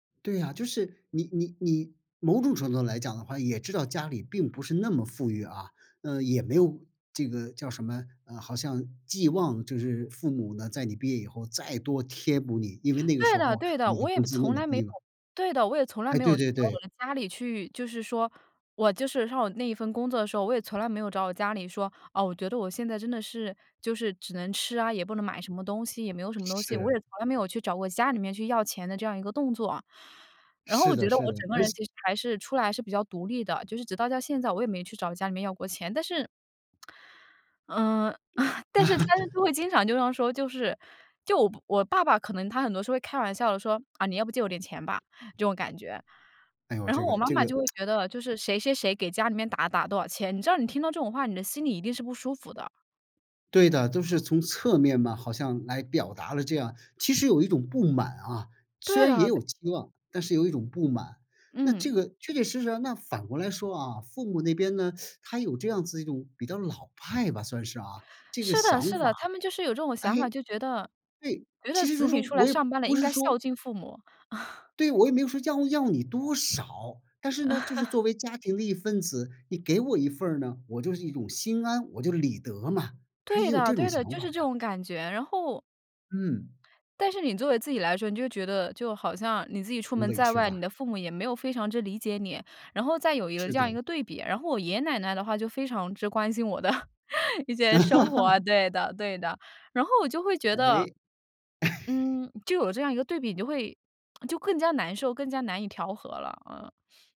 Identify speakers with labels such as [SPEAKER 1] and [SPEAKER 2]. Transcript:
[SPEAKER 1] 对啊，就是，你你你某种程度上来讲的话，也知道家里并不是那么富裕啊。呃，也没有这个，叫什么，嗯，好像寄望就是父母呢，在你毕业以后，再多贴补你。因为那个
[SPEAKER 2] 对
[SPEAKER 1] 时
[SPEAKER 2] 的
[SPEAKER 1] 候，
[SPEAKER 2] 对的。
[SPEAKER 1] 你的
[SPEAKER 2] 我也
[SPEAKER 1] 工资那
[SPEAKER 2] 从
[SPEAKER 1] 么
[SPEAKER 2] 来没有
[SPEAKER 1] 低了。
[SPEAKER 2] 对的，我也从来
[SPEAKER 1] 哎，
[SPEAKER 2] 没
[SPEAKER 1] 对
[SPEAKER 2] 有去
[SPEAKER 1] 对
[SPEAKER 2] 找我
[SPEAKER 1] 对。
[SPEAKER 2] 的家里去，就是说我就是上那一份工作的时候，我也从来没有找我家里说，哦，我觉得我现在真的是就是只能吃啊，也不能买什么东西，也没有什么东西。我
[SPEAKER 1] 是。
[SPEAKER 2] 也从来没有去找我家里面去要钱的这样一个动作啊。然后我
[SPEAKER 1] 是
[SPEAKER 2] 觉
[SPEAKER 1] 的
[SPEAKER 2] 得
[SPEAKER 1] 是
[SPEAKER 2] 我
[SPEAKER 1] 的，
[SPEAKER 2] 整个
[SPEAKER 1] 而
[SPEAKER 2] 人
[SPEAKER 1] 且
[SPEAKER 2] 其实还是出来还是比较独立的，就是直到到现在我也没去找家里面要过钱，但是 嗯，但是他就 就会经常就这样说，就是就我我爸爸可能他很多时候会开玩笑地说：“呃，你要不借我点钱吧，”这种感觉。
[SPEAKER 1] 哎哟，
[SPEAKER 2] 然
[SPEAKER 1] 这
[SPEAKER 2] 后
[SPEAKER 1] 个
[SPEAKER 2] 我妈
[SPEAKER 1] 这
[SPEAKER 2] 妈
[SPEAKER 1] 个。
[SPEAKER 2] 就会 觉得，就是谁谁谁给家里面打了打了多少钱，你知道你听到这种话，你的心里一定是不舒服的。
[SPEAKER 1] 对的，都是从侧面嘛，好像来表达了这样其实有一种不满啊。虽
[SPEAKER 2] 对
[SPEAKER 1] 然也
[SPEAKER 2] 的。
[SPEAKER 1] 有希望，但是有一种不满。那
[SPEAKER 2] 嗯。
[SPEAKER 1] 这个确确实实，那反过来说啊，父母那边呢，他有这样子一种比较老派吧，算是啊，这个
[SPEAKER 2] 是的
[SPEAKER 1] 想
[SPEAKER 2] 是
[SPEAKER 1] 法
[SPEAKER 2] 的，他们就是有这种
[SPEAKER 1] 哎，
[SPEAKER 2] 想法。就觉得
[SPEAKER 1] 对。
[SPEAKER 2] 觉得
[SPEAKER 1] 其实就
[SPEAKER 2] 子
[SPEAKER 1] 是说，
[SPEAKER 2] 女出来
[SPEAKER 1] 我也
[SPEAKER 2] 上班了，
[SPEAKER 1] 不
[SPEAKER 2] 应
[SPEAKER 1] 是
[SPEAKER 2] 该孝
[SPEAKER 1] 说
[SPEAKER 2] 敬父母。
[SPEAKER 1] 对，我也没有说要 要你多少！但是呢，就是 作为家庭的一份子，你给我一份儿呢，我就是一种心安，我就是理得嘛。他也
[SPEAKER 2] 对
[SPEAKER 1] 有
[SPEAKER 2] 的
[SPEAKER 1] 这种
[SPEAKER 2] 对的，
[SPEAKER 1] 想
[SPEAKER 2] 就
[SPEAKER 1] 法
[SPEAKER 2] 是这
[SPEAKER 1] 呀。
[SPEAKER 2] 种感觉。然后
[SPEAKER 1] 嗯。
[SPEAKER 2] 但是你作为自己来说，你就觉得就好像你自己出门
[SPEAKER 1] 委
[SPEAKER 2] 在
[SPEAKER 1] 屈
[SPEAKER 2] 外，你
[SPEAKER 1] 吧。
[SPEAKER 2] 的父母也没有非常之理解你，然后再有一个
[SPEAKER 1] 是
[SPEAKER 2] 这样
[SPEAKER 1] 的。
[SPEAKER 2] 一个对比。然后我爷爷奶奶的话就非常之关心我的一些生活。对的对的。然后我就会 觉得
[SPEAKER 1] 诶。
[SPEAKER 2] 嗯，就有这样一个对比，你会 就更加难受，更加难以调和了。嗯。